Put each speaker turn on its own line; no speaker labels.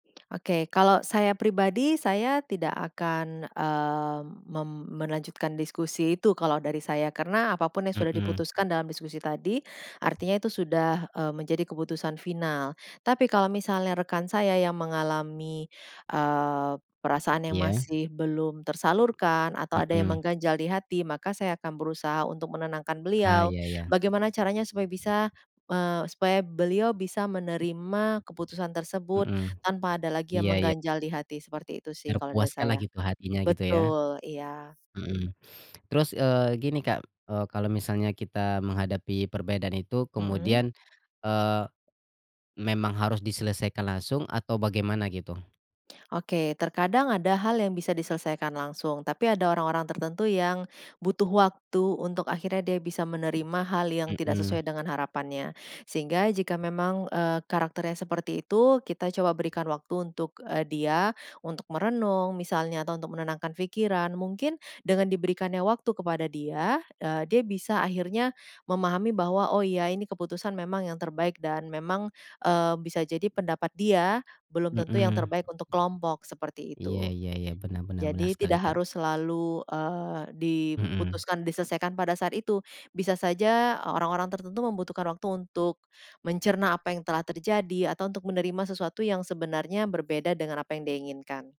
Oke, kalau saya pribadi, saya tidak akan, eee, mem melanjutkan diskusi itu kalau dari saya. Karena apapun yang sudah
Hmm.
diputuskan dalam diskusi tadi, artinya itu sudah, eee, menjadi keputusan final. Tapi kalau misalnya rekan saya yang mengalami, eee, perasaan yang
Iya.
masih belum tersalurkan, atau ada yang
Hmm.
mengganjal di hati, maka saya akan berusaha untuk menenangkan
Ah,
beliau.
iya iya.
Bagaimana caranya supaya bisa, eee, supaya beliau bisa menerima keputusan tersebut
Heeh.
tanpa ada lagi yang
Iya ya.
mengganjal di hati, seperti itu sih kalau dari
Terpuaskanlah
saya.
gitu hatinya, gitu ya?
Betul, iya.
Hmm. Terus, eee, gini Kak, e kalau misalnya kita menghadapi perbedaan itu
Mhm.
kemudian, eee, memang harus diselesaikan langsung atau bagaimana, gitu?
Oke, terkadang ada hal yang bisa diselesaikan langsung, tapi ada orang-orang tertentu yang butuh waktu untuk akhirnya dia bisa menerima hal yang tidak
Hmm.
sesuai dengan harapannya. Sehingga jika memang, eee, karakternya seperti itu, kita coba berikan waktu untuk, e dia, untuk merenung misalnya atau untuk menenangkan pikiran. Mungkin dengan diberikannya waktu kepada dia, eee, dia bisa akhirnya memahami bahwa, oh iya ini keputusan memang yang terbaik dan memang, eee, bisa jadi pendapat dia belum tentu yang
Hmm.
terbaik untuk kelompok, seperti
Iya
itu.
iya iya, benar benar benar
Jadi
sekali
tidak
Kak.
harus selalu, eee,
Hmm.
diputuskan, diselesaikan pada saat itu. Bisa saja orang-orang tertentu membutuhkan waktu untuk mencerna apa yang telah terjadi atau untuk menerima sesuatu yang sebenarnya berbeda dengan apa yang dia inginkan.